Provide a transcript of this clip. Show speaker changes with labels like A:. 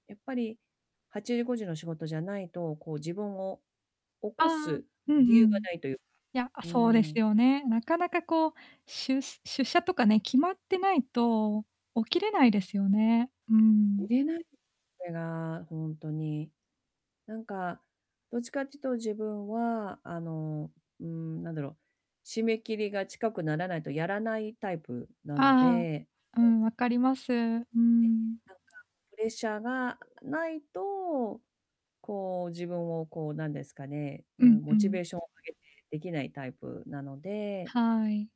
A: やっぱり8時5時の仕事じゃないと、こう、自分を起
B: ああ
A: こ
B: ああ、
A: す
B: うん
A: 理由
B: うん。
A: がないというか。
B: いや、あ、
A: う
B: そうで
A: ー
B: す
A: ん。
B: よね。なかなか、こう、しゅ出社とかね、決まってないと起きれないですよね。うーん。
A: 寝ないで、それが、ほんとに。なんか、どっちかっつと自分は、あの、うーん、なんだろ、締め切りが近くならないとやらないタイプな
B: あ
A: の
B: ああ
A: で。
B: あ、う
A: そう。
B: ん、わかります。うー
A: で、
B: ん。
A: なんかプレッシャーが無いと、こう、自分を、こう、なんですかね、う
B: うん
A: ん、
B: う
A: モチベ
B: ん。
A: ーションを上げて出来ないタイプなので。
B: はい。